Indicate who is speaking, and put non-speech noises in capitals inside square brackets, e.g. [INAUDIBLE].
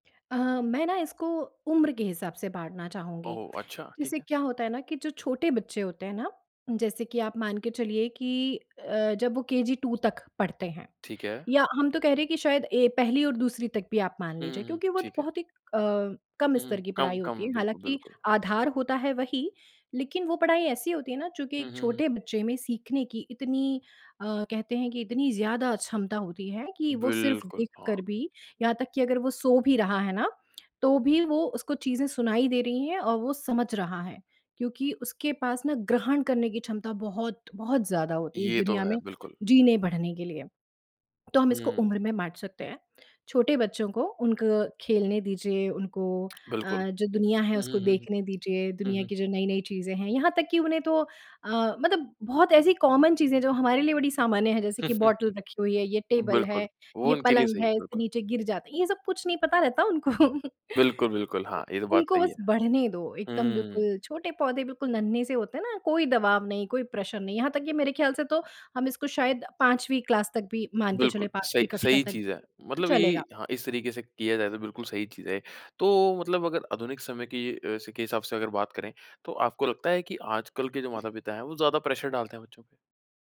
Speaker 1: अ, मैं ना इसको उम्र के हिसाब से बाँटना चाहूँगी।
Speaker 2: ओहो! अच्छा, ठीक
Speaker 1: जैसे
Speaker 2: है।
Speaker 1: क्या होता है ना कि जो छोटे बच्चे होते हैं ना, जैसे कि आप मान के चलिए कि अ, जब वो केजी टू तक पढ़ते हैं,
Speaker 2: ठीक है।
Speaker 1: या हम तो कह रहे हैं कि शायद ए पहली और दूसरी तक भी आप मान
Speaker 2: हुँ, हुँ,
Speaker 1: लीजिए,
Speaker 2: हुँ,
Speaker 1: क्योंकि वो
Speaker 2: ठीक है।
Speaker 1: बहुत ही अ, कम
Speaker 2: हुँ, हुँ,
Speaker 1: स्तर की पढ़ाई होती
Speaker 2: कम-कम,
Speaker 1: है।
Speaker 2: बिल्कुल,
Speaker 1: हालाँकि
Speaker 2: बिल्कुल।
Speaker 1: आधार होता है वही, लेकिन वो पढ़ाई ऐसी होती है ना, चूँकि
Speaker 2: हुँ,
Speaker 1: एक
Speaker 2: हुँ, हुँ।
Speaker 1: छोटे बच्चे में सीखने की इतनी अ, कहते हैं कि इतनी ज़्यादा क्षमता होती है कि वो सिर्फ़
Speaker 2: बिल्कुल, हाँ।
Speaker 1: देखकर भी, यहाँ तक कि अगर वो सो भी रहा है ना, तो भी वो उसको चीज़ें सुनाई दे रही हैं और वो समझ रहा है। क्योंकि उसके पास ना, ग्रहण करने की क्षमता बहुत-बहुत ज़्यादा होती है, इस
Speaker 2: ये तो
Speaker 1: दुनिया
Speaker 2: है,
Speaker 1: में
Speaker 2: बिल्कुल।
Speaker 1: जीने-बढ़ने के लिए। तो हम इसको
Speaker 2: हुँ।
Speaker 1: उम्र में बाँट सकते हैं। छोटे बच्चों को, उनको खेलने दीजिए, उनको अ,
Speaker 2: बिल्कुल।
Speaker 1: जो दुनिया है,
Speaker 2: हुँ,
Speaker 1: उसको
Speaker 2: हुँ, हुँ, हुँ।
Speaker 1: देखने दीजिए,
Speaker 2: हुँ,
Speaker 1: दुनिया
Speaker 2: हुँ।
Speaker 1: की जो नई-नई चीज़ें हैं। यहाँ तक कि उन्हें तो अ, मतलब बहुत ऐसी कॉमन चीज़ें हैं, जो हमारे लिए बड़ी सामान्य हैं, जैसे कि
Speaker 2: [LAUGHS]
Speaker 1: बॉटल रखी हुई है, ये टेबल है,
Speaker 2: बिल्कुल, वो
Speaker 1: ये
Speaker 2: उनके लिए
Speaker 1: पलंग
Speaker 2: सही है,
Speaker 1: है, इससे
Speaker 2: बिल्कुल।
Speaker 1: नीचे गिर जाते हैं। ये सब कुछ नहीं पता रहता उनको।
Speaker 2: बिल्कुल, बिल्कुल,
Speaker 1: [CHUCKLES]
Speaker 2: हाँ, ये तो बात
Speaker 1: उनको
Speaker 2: सही
Speaker 1: बस
Speaker 2: है।
Speaker 1: बढ़ने दो। एकदम
Speaker 2: हुँ।
Speaker 1: बिल्कुल छोटे पौधे, बिल्कुल नन्हे-से होते हैं ना, कोई दबाव नहीं, कोई प्रेशर नहीं। यहाँ तक कि मेरे ख्याल से तो हम इसको शायद 5वीं क्लास तक भी मान के
Speaker 2: बिल्कुल,
Speaker 1: चलें,
Speaker 2: सही
Speaker 1: 5वीं कक्षा
Speaker 2: सही
Speaker 1: तक,
Speaker 2: चीज़ है।
Speaker 1: तो
Speaker 2: मतलब ये
Speaker 1: चलेगा।
Speaker 2: हाँ, इस तरीके से किया जाए, तो बिल्कुल सही चीज़ है। तो मतलब अगर आधुनिक समय के अ, से के हिसाब से अगर बात करें, तो आपको लगता है कि आजकल के जो माता-पिता हैं, वो ज़्यादा प्रेशर डालते हैं बच्चों पे?